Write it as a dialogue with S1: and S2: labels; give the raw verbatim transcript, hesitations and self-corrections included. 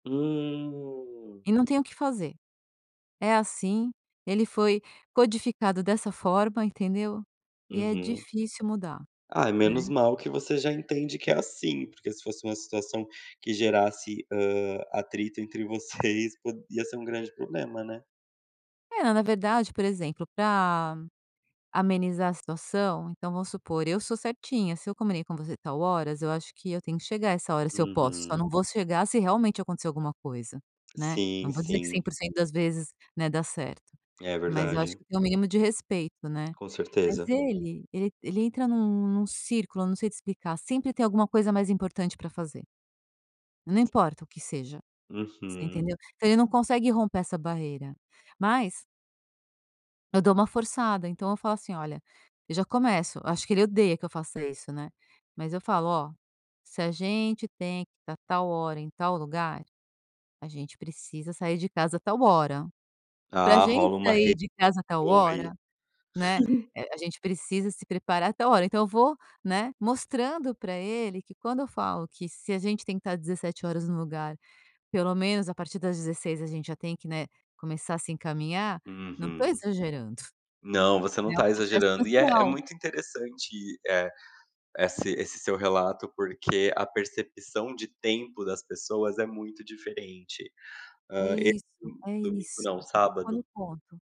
S1: Hum.
S2: E não tem o que fazer, é assim, ele foi codificado dessa forma, entendeu, e é
S1: Uhum.
S2: difícil mudar.
S1: Ah, é menos mal que você já entende que é assim, porque se fosse uma situação que gerasse, hã, atrito entre vocês, po ia ser um grande problema, né.
S2: É, na verdade, por exemplo, pra amenizar a situação então vamos supor, eu sou certinha, se eu comunico com você tal horas, eu acho que eu tenho que chegar essa hora, se eu posso, só
S1: Uhum.
S2: não vou chegar se realmente acontecer alguma coisa, né, não
S1: Sim,
S2: vou dizer que Cem
S1: sim.
S2: por cento das vezes, né, dá certo.
S1: É
S2: Mas eu acho
S1: verdade.
S2: que tem o mínimo de respeito, né.
S1: Com
S2: Mas
S1: certeza.
S2: ele ele entra num num círculo, eu não sei te explicar, sempre tem alguma coisa mais importante para fazer. Não importa o que seja, você
S1: Uhum.
S2: entendeu? Então ele não consegue romper essa barreira, mas eu dou uma forçada então eu falo assim: "Olha" eu já começo acho que ele odeia que eu faço isso, né, mas eu falo: "Ó, se a gente tem que estar tal hora em tal lugar, a gente precisa sair de casa tal hora. Pra
S1: Ah,
S2: gente
S1: rola uma re
S2: sair de casa tal
S1: aí.
S2: hora, né, eh, a gente precisa se preparar tal hora". Então eu vou, né, mostrando pra ele que quando eu falo que se a gente tem que estar Dezessete horas no lugar, pelo menos a partir das Dezesseis a gente já tem que, né, começar a se encaminhar, não estou
S1: Uhum.
S2: exagerando,
S1: Não, você não
S2: né, é o
S1: está
S2: processo
S1: exagerando. E é é
S2: social.
S1: muito interessante, eh, esse esse seu relato, porque a percepção de tempo das pessoas é muito diferente.
S2: É
S1: Hã, esse
S2: isso, é
S1: domingo
S2: isso,
S1: não,
S2: você tocou no
S1: sábado
S2: ponto.